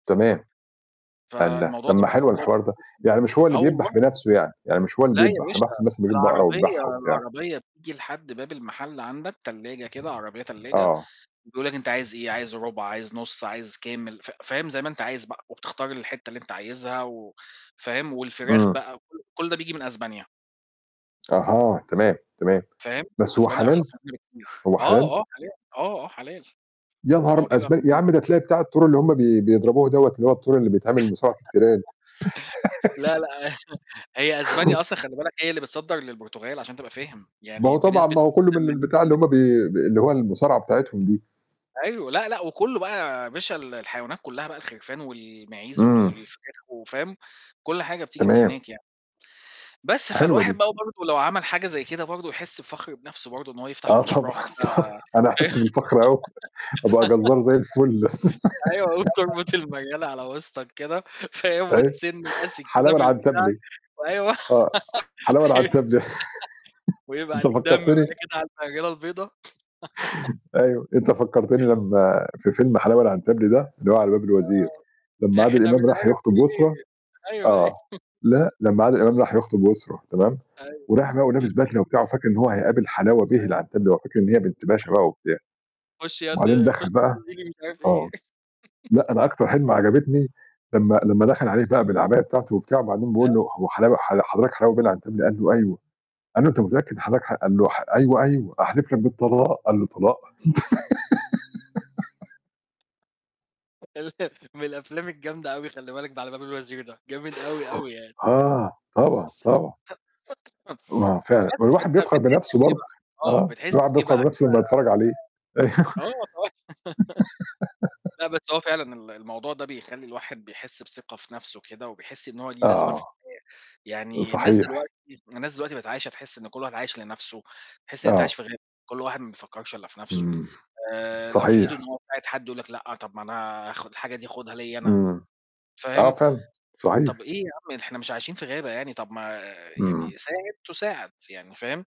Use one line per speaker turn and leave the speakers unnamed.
تمام. الله!
فالموضوع
طب
ده
ما
ما شاء
حلوة
الله
الحوار
كبير
ده،
جدًا.
يعني مش هو اللي
آه
بيدبح
والله.
بنَفْسه يعني، يعني مش هو اللي
لا يا
بيدبح، أنا
باشا،
باحسب مثلًا بيجيب بقرة
العربية
ويدبحها وبتاع.
العربية بتيجي لحد باب المحل عندك، تلاجة كده، عربية تلاجة،
آه.
بيقول لك: "أنت عايز إيه؟ عايز ربع؟ عايز نُص؟ عايز كامل؟" ف فاهم، زي ما أنت عايز بقى، وبتختار الحتّة اللي أنت عايزها و فاهم، والفراخ
امم.
بقى، كلّ كلّ ده بييجي من أسبانيا.
أها، تمام، تمام.
فاهم،
بس هو
أسبانيا
حلال؟
أرخص من هنا بكتير.
هو حلال؟
آه، آه، حلال. آه، آه، حلال.
يا نهار
ما
أب
هو بيبقى
أسب يا
[unintelligible]
عم ده تلاقي بتاع التور اللي هُم بي بيضربوه دوّة، اللي هو التور اللي بيتعمل مصارعة التيران.
لا، لأ، هي أسبانيا أصلًا خلّي بالك هي اللي بتصدّر للبرتغال عشان تبقى فاهم،
ما
يعني
هو طبعًا،
بنسبة
ما هو كلّه من
تمانين
البتاع
في
اللي هُم
المِيّة.
بي ب اللي هو المصارعة بتاعتهم دي.
أيوة، لا، لأ، وكلّه بقى يا باشا ال الحيوانات كلّها بقى الخرفان والمعيز
إمم.
والفراخ وفاهم، كلّ حاجة بتيجي من
تمام،
هناك يعني. بس،
حلوة
فالواحد
دي.
بقى برضو لو عمل حاجة زي كده برضو يحس بفخر بنَفْسه برضو إن هو يفتح
آه،
مشروع
طبعًا،
كده
طبعًا. أنا هاحس بالفخر أوي. أبقى جزّار زي الفل.
أيوه، وتربط المريَلة على وسطك كده، فاهم،
أيوة
وتسِن بقى سكينة
حلاوة
في البتاع،
العنتبلي،
وأيوه.
آه. حلاوة العنتبلي.
ويبقى
أنت
عليك دم
فكّرتني
بقى كده على المريَلة البيضا.
أيوه، أنت فكّرتني لمّا في فيلم حلاوة العنتبلي ده اللي هو على باب الوزير،
آه،
لمّا عادل
إحنا مش
إمام راح
عارف
يخطب يسرى
إيه. أيوه، أيوه.
آه. لأ، لمّا عادل إمام راح يخطب يسرى تمام،
أيوه.
ورايح بقى ولابس بدلة وبتاع وفاكر إن هو هيقابل حلاوة
[unintelligible]
بيه العنتبلي، هو فاكر إن هي بنت باشا بقى وبتاع،
خش يا ابني
وبعدين
خش
دخل
يا
بقى
ابني نادي لي مش عارف
آه.
إيه.
لأ، أنا أكتر حتّة عجبتني لمّا لمّا دخل عليه بقى بالعباية بتاعته وبتاع، وبعدين بيقول
[unintelligible]
له: "هو حلاوة ح حضرتك حلاوة بيه العنتبلي؟" قال له: "أيوه." قال له: "أنت متأكد حضرتك حض ح" قال له: "ح أيوه، أيوه. أحلف لك بالطلاق." قال له: "طلاق؟!".
من الأفلام الجامدة أوي خلّي بالك ب على باب الوزير ده، جامد أوي، أوي يعني.
آه، طبعًا، طبعًا. ما هو فعلًا، ما
بس
الواحد
فأنت
بيفخر
بتحس
بنَفْسه
بإيه
برضو.
بقى؟ آه،
آه،
بتحس
الواحد
بإيه
بيفخر
بقى
بنَفْسه
كده
لمّا يتفرّج عليه. أيوة
آه، طب لا بس هو فعلًا ال الموضوع ده بيخلّي الواحد بيحس بثقة في نَفْسه كده، وبيحس إن هو ليه لازمة في
آه،
الحياة، يعني الناس
صحيح.
دلوقتي الناس دلوقتي بقِت عايشة، تحس إن كلّ واحد عايش لنَفْسه، تحس إن أنت عايش
آه.
في غابة، كلّ واحد ما بيفكّرش إلا في نَفْسه،
إمم،
آآ لو في إيده
صحيح.
إن هو يساعد حد يقول لك: "لأ، طب ما أنا آخُد الحاجة دي آخُدها ليّا أنا"
إمم، آه
فاهم،
فعلًا،
طب
صحيح.
إيه يا عم، إحنا مش عايشين في غابة يعني، طب ما
إمم.
يعني ساعد تُساعَد يعني، فاهم؟